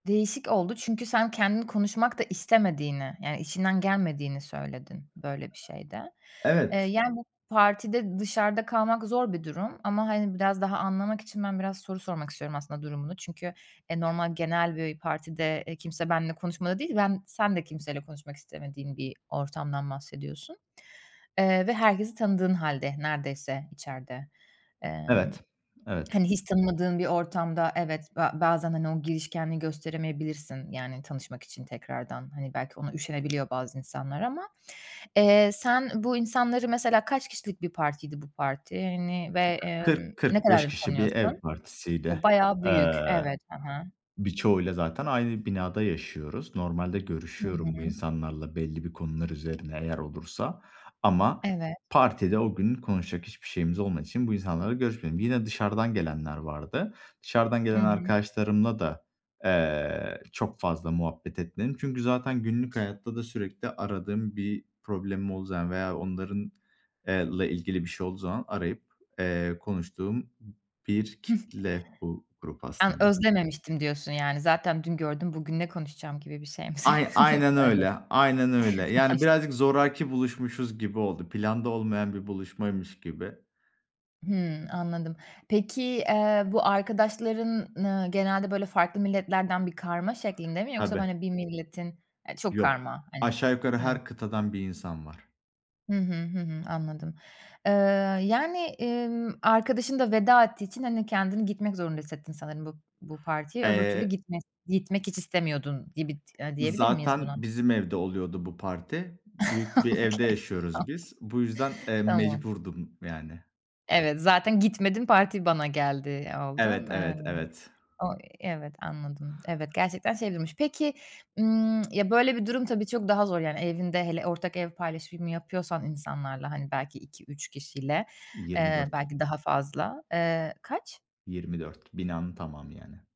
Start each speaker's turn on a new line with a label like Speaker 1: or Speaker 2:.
Speaker 1: Değişik oldu çünkü sen kendin konuşmak da istemediğini yani içinden gelmediğini söyledin böyle bir şeyde. Eee,
Speaker 2: Evet.
Speaker 1: yani, bu partide dışarıda kalmak zor bir durum ama, hani, biraz daha anlamak için ben biraz soru sormak istiyorum aslında durumunu. Çünkü, e, normal, genel bir partide, eee, kimse benimle konuşmadı değil, ben sen de kimseyle konuşmak istemediğin bir ortamdan bahsediyorsun. Eee, ve herkesi tanıdığın hâlde neredeyse içeride. Emm,
Speaker 2: Evet. Evet.
Speaker 1: hani, hiç tanımadığın bir ortamda evet, ba bazen, hani, o girişkenliği gösteremeyebilirsin yani tanışmak için tekrardan, hani, belki ona üşenebiliyor bazı insanlar ama Eee, sen bu insanları Mesela kaç kişilik bir partiydi bu parti, hani, ve, emm,
Speaker 2: kırk
Speaker 1: ne
Speaker 2: kırk beş
Speaker 1: kadardır
Speaker 2: kişi bir
Speaker 1: tanıyorsun?
Speaker 2: ev partisiydi.
Speaker 1: O! Bayağı büyük.
Speaker 2: Eee,
Speaker 1: Evet. Hı hı.
Speaker 2: birçoğuyla zaten aynı binada yaşıyoruz. Normalde
Speaker 1: Hı
Speaker 2: görüşüyorum bu
Speaker 1: hı.
Speaker 2: insanlarla belli bir konular üzerine eğer olursa. Ama
Speaker 1: Evet.
Speaker 2: partide o gün konuşacak hiçbir şeyimiz olmadığı için bu insanlarla görüşmedim. Yine dışarıdan gelenler vardı. Dışarıdan
Speaker 1: Hı
Speaker 2: gelen
Speaker 1: hı.
Speaker 2: arkadaşlarımla da, eee, çok fazla muhabbet etmedim. Çünkü zaten günlük hayatta da sürekli aradığım, bir problemim olduğu zaman veya onların, eee, la ilgili bir şey olduğu zaman arayıp, eee, konuştuğum bir kitle bu grup
Speaker 1: An
Speaker 2: aslında.
Speaker 1: özlememiştim diyorsun yani. Zaten dün gördüm, bugün ne konuşacağım gibi bir şey mi söy
Speaker 2: Ayn aynen
Speaker 1: söyle
Speaker 2: öyle, aynen öyle. Yani
Speaker 1: Maşal
Speaker 2: birazcık zoraki buluşmuşuz gibi oldu. Planda olmayan bir buluşmaymış gibi.
Speaker 1: Hımm, anladım. Peki, eee, bu arkadaşların, ııı, genelde böyle farklı milletlerden bir karma şeklinde mi yoksa,
Speaker 2: Tabii.
Speaker 1: hani, bir milletin Eee, çok
Speaker 2: Yo.
Speaker 1: karma, hani, fa
Speaker 2: Aşağı yukarı
Speaker 1: Evet.
Speaker 2: her kıtadan bir insan var.
Speaker 1: Hı hı, hı hı, anladım. Eee, yani, emm, arkadaşın da veda ettiği için, hani, kendini gitmek zorunda hissettin sanırım bu bu partiye. Öbür türlü
Speaker 2: Eee
Speaker 1: gitmes gitmek hiç istemiyordun gibi ti eee, diyebilir miyiz
Speaker 2: Zaten
Speaker 1: buna?
Speaker 2: bizim evde oluyordu bu parti. Büyük bir evde
Speaker 1: Okay.
Speaker 2: yaşıyoruz biz. Bu yüzden,
Speaker 1: [unintelligible]
Speaker 2: eee,
Speaker 1: Tamam.
Speaker 2: mecburdum yani.
Speaker 1: Evet, zaten gitmedim, parti bana geldi, eee,
Speaker 2: Evet,
Speaker 1: oldun. Eee,
Speaker 2: evet, evet.
Speaker 1: o evet, anladım. Evet, gerçekten şey [unintelligible] Peki, ımm, ya, böyle bir durum tabii, çok daha zor yani evinde hele ortak ev paylaşımı yapıyorsan insanlarla, hani, belki 2-3 kişiyle,
Speaker 2: yirmi
Speaker 1: eee,
Speaker 2: dört
Speaker 1: belki daha fazla. Eee kaç?
Speaker 2: 24 Binanın tamamı yani.